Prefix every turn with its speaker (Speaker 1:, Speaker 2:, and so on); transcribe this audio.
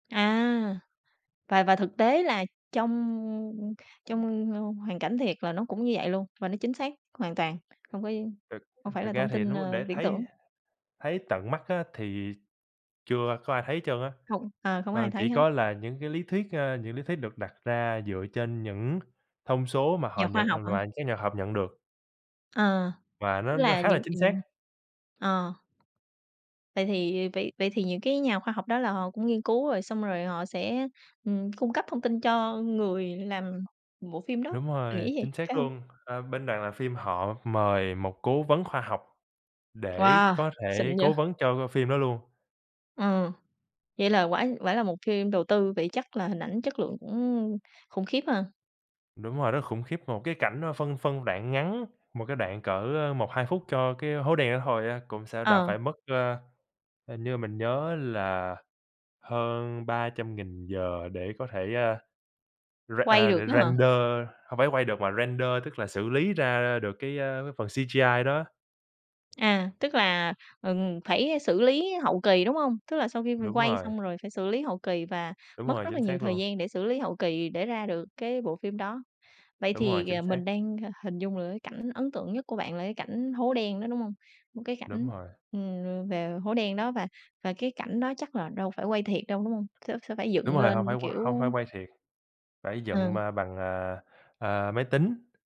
Speaker 1: À, và và thực tế là trong trong hoàn cảnh thiệt là nó cũng như vậy luôn, và nó chính xác hoàn toàn. Hông có
Speaker 2: Thực
Speaker 1: hông
Speaker 2: ờ,
Speaker 1: phải là
Speaker 2: thực ra
Speaker 1: thông
Speaker 2: thì
Speaker 1: tin,
Speaker 2: nếu
Speaker 1: ơ,
Speaker 2: để
Speaker 1: viễn
Speaker 2: thấy
Speaker 1: tưởng.
Speaker 2: thấy tận mắt á, thì chưa có ai thấy trơn á.
Speaker 1: Không, ờ, không có
Speaker 2: À,
Speaker 1: ai
Speaker 2: chỉ
Speaker 1: thấy hết.
Speaker 2: có là những cái lý thuyết, ơ, những lý thuyết được đặt ra dựa trên những thông số mà họ
Speaker 1: Nhà khoa
Speaker 2: nhận à,
Speaker 1: học hả?
Speaker 2: loại các nhà học nhận được.
Speaker 1: Ờ,
Speaker 2: Và
Speaker 1: tức
Speaker 2: nó nó
Speaker 1: là
Speaker 2: khá là
Speaker 1: những
Speaker 2: chính xác.
Speaker 1: ừm, ờ. Vậy thì vậy vậy thì những cái nhà khoa học đó là họ cũng nghiên cứu rồi, xong rồi họ sẽ, ừm, cung cấp thông tin cho người làm bộ phim đó,
Speaker 2: Đúng
Speaker 1: mình
Speaker 2: rồi,
Speaker 1: nghĩ vậy,
Speaker 2: chính xác
Speaker 1: phải hông?
Speaker 2: luôn. Ờ, bên đoàn làm phim họ mời một cố vấn khoa học để
Speaker 1: Wow,
Speaker 2: có
Speaker 1: xịn
Speaker 2: thể
Speaker 1: vậy!
Speaker 2: cố vấn cho phim đó luôn.
Speaker 1: Ừm, vậy là quả quả là một phim đầu tư, vậy chắc là hình ảnh chất lượng cũng khủng khiếp ha.
Speaker 2: Đúng rồi, rất là khủng khiếp. Một cái cảnh, a, phân phân đoạn ngắn, một cái đoạn cỡ 1-2 phút cho cái hố đen đó thôi á, cũng sẽ đã
Speaker 1: Ờ.
Speaker 2: phải mất, ờ, hình như mình nhớ là hơn 300.000 giờ để có thể, à, r
Speaker 1: Quay
Speaker 2: à,
Speaker 1: được á hả?
Speaker 2: render hông phải quay được, mà render, tức là xử lý ra được cái, ơ, cái phần CGI đó.
Speaker 1: À, tức là, ừm, phải xử lý hậu kỳ, đúng hông? Tức là sau khi
Speaker 2: Đúng
Speaker 1: quay
Speaker 2: rồi.
Speaker 1: xong rồi phải xử lý hậu kỳ, và
Speaker 2: Đúng
Speaker 1: mất
Speaker 2: rồi,
Speaker 1: rất là
Speaker 2: chính
Speaker 1: nhiều
Speaker 2: xác
Speaker 1: thời
Speaker 2: luôn.
Speaker 1: gian để xử lý hậu kỳ để ra được cái bộ phim đó. Vậy
Speaker 2: Đúng rồi,
Speaker 1: thì,
Speaker 2: chính
Speaker 1: ờ,
Speaker 2: xác.
Speaker 1: mình đang hình dung được cái cảnh ấn tượng nhất của bạn là cái cảnh hố đen đó, đúng hông? Một cái
Speaker 2: Đúng
Speaker 1: cảnh,
Speaker 2: rồi.
Speaker 1: ừm, về hố đen đó, và và cái cảnh đó chắc là đâu phải quay thiệt đâu, đúng hông? Sẽ sẽ phải
Speaker 2: Đúng
Speaker 1: dựng
Speaker 2: rồi,
Speaker 1: lên,
Speaker 2: hông phải qu hông
Speaker 1: kiểu
Speaker 2: phải quay thiệt, phải dựng,
Speaker 1: Ờ.
Speaker 2: ơ, bằng, à, à, máy tính.